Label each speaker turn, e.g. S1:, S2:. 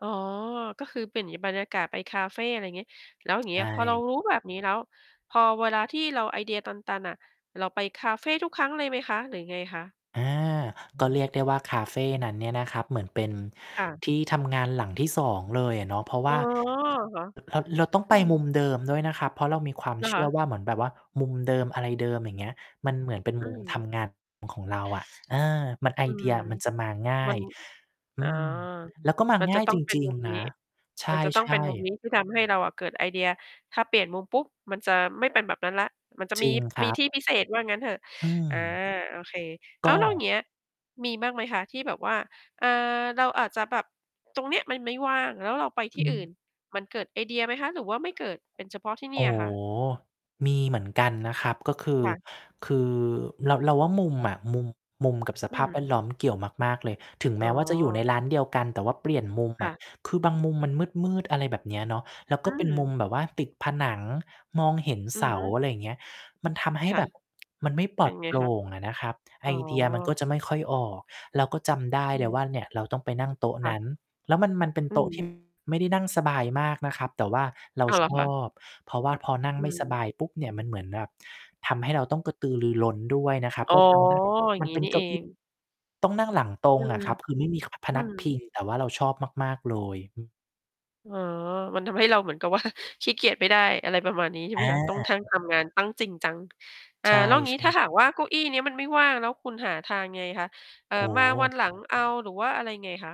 S1: อ๋อ ก็คือเปลี่ยนงี้ บรรยากาศไปคาเฟ อะไรงี้ แล้วอย่าง
S2: ใ
S1: เ
S2: ช
S1: งี้ย พอเรา
S2: ่
S1: รู้แบบนี้แล้ว พอเวลาที่เราไอเดียตัน ๆ น่ะ เราไปคาเฟทุกครั้งเลยไหมคะ หรือยังไงคะ?
S2: อา
S1: โ
S2: ก็
S1: อ้
S2: เรียกได้ว่าคาเฟนั้นเนี่ยนะครับ เหมือนเป็น
S1: ค่ะ
S2: ที่ทำงานหลังที่ 2 เลยอะเนาะ เพราะว
S1: อ๋อ
S2: ่า
S1: เหรอ
S2: ค ร เรา เราต้อง
S1: อ
S2: ไ
S1: ื
S2: ปมุม
S1: ม
S2: เดิมด้วยนะครับ เพราะเรามีความ
S1: เหรอ
S2: เช
S1: ค
S2: ื่อ
S1: ะ?
S2: ว่า เหมือนแบบว่ามุมเดิมอะไรเดิม อย่างเงี้ย มันเหมือนเป็น
S1: อื
S2: มุมท
S1: ม
S2: ำงานของเราอะ เออ มัน ไอ
S1: อื
S2: เดี
S1: ม
S2: ยมันจะมาง่า
S1: มั
S2: ย
S1: น
S2: อื
S1: อ๋อ
S2: ม แล้วก็มา
S1: มัน
S2: ง
S1: จ
S2: ่
S1: ะ
S2: าย
S1: ต้อ
S2: จ
S1: ง เป็น
S2: ริง
S1: มุม
S2: ๆ น
S1: น
S2: ะ
S1: ี้
S2: ใช
S1: มันจะต้องเ
S2: ่
S1: ป็นมุม
S2: ๆ
S1: นี้ที่ทำให้เราอะเกิดไอเดีย ถ้าเปลี่ยนมุมปุ๊บมันจะไม่เป็นแบบนั้นแล้ว มันจะ
S2: จ
S1: มี
S2: ริงคร
S1: มี
S2: ับ
S1: ที่พิเศษว่างั้นเถอะ
S2: อื
S1: อา
S2: ม
S1: โอเค
S2: ก
S1: อ้าว แล้วอย่า
S2: ็
S1: งเงี้ยมีบ้างไหมคะที่แบบว่า อ่า เราอาจจะแบบ ตรงเนี้ยมันไม่ว่างแล้วเราไปท
S2: อ
S1: ี
S2: ื
S1: ่อื
S2: ม
S1: ่น มันเกิดไอเดียไหมคะ หรือว่าไม่เกิด? เป็นเฉพาะที่เน
S2: โ
S1: ี
S2: อ
S1: ่
S2: ้
S1: ยเหรอคะ?
S2: มีเหมือนกันนะครับ ก็คือ
S1: ค่ะ
S2: คือ เรา เราว่ามุม
S1: ค่ะ
S2: อะ มุม มุมกับส
S1: อื
S2: ภาพแวดล
S1: ม
S2: ้อมเกี่ยวมาก ๆ เลย ถึง
S1: อ
S2: แม
S1: ๋
S2: ้ว่าจะอยู่ใน
S1: อ
S2: ร้านเดียวกันแต่ว่าเปลี่ยนมุม
S1: ค
S2: อ
S1: ่ะ
S2: ะ คือบางมุมมันมืด ๆ อะไรแบบเนี้ยเนาะ แล้ว
S1: อ
S2: ก
S1: ื
S2: ็เป็นมุม
S1: ม
S2: แบบว่าติดผนังมองเห็น
S1: อื
S2: เส
S1: อฮ
S2: า
S1: ึ
S2: อะไรอย่างเงี้ย มันทำให้
S1: ค่ะ
S2: แบบ มันไม่ป
S1: เ
S2: ล
S1: ป
S2: อ
S1: ็
S2: ด
S1: นไง
S2: โปร่
S1: คะ?
S2: งอะนะครับ ไ
S1: อ
S2: อ
S1: ๋อ
S2: เดียมันก็จะไม่ค่อยออก เราก็จำได้
S1: อื
S2: เลย
S1: ม
S2: ว่าเนี่ย เราต้องไปนั่งโต๊ะ
S1: ค่
S2: น
S1: ะ
S2: ั้น แล้วมัน มันเป็น
S1: อื
S2: โต๊ะ ที
S1: ม
S2: ่ ไม่ได้นั่งสบายมากนะครับ แต่ว่าเรา
S1: อ้าว เหร
S2: ช
S1: อคะ?
S2: อบ เพราะว่าพอนั่ง
S1: อื
S2: ไม่ส
S1: ม
S2: บายปุ๊บเนี่ย มันเหมือนแบบทำให้เราต้องกระตือรือร้นด้วยนะครับ
S1: อ๋อ
S2: ก็จำได้
S1: อย่า
S2: ม
S1: ง
S2: ัน
S1: งี้
S2: เป็
S1: น
S2: น
S1: ี่
S2: เก้
S1: เอ
S2: าอี
S1: ง
S2: ้ ต้องนั่งหลังตร
S1: อื
S2: งอ
S1: ม
S2: ะครับ คือไม่มี ขา พ
S1: อื
S2: นัก
S1: ม
S2: พิง แต่ว่าเราชอบมาก ๆ เลย อือ
S1: อ๋อ มันทำให้เราเหมือนกับ ว่า ขี้เกียจไม่ได้ อะไรประมาณนี้ใช่
S2: อ
S1: มั้ยคะ? ต้อง ท
S2: า
S1: ั่ง ทำงาน ต้องจริงจัง อา
S2: ใช่
S1: แล้วอย่างง
S2: ใ
S1: ี
S2: ช
S1: ้ถ้าห
S2: ่
S1: ากว่าเก้าอี้เนี้ยมันไม่ว่าง แล้วคุณหาทางยังไงคะ? เอ่อ
S2: โอ้
S1: มา
S2: โ
S1: วัน
S2: ฮ
S1: หลังเอา หรือว่าอะไรยังไงคะ?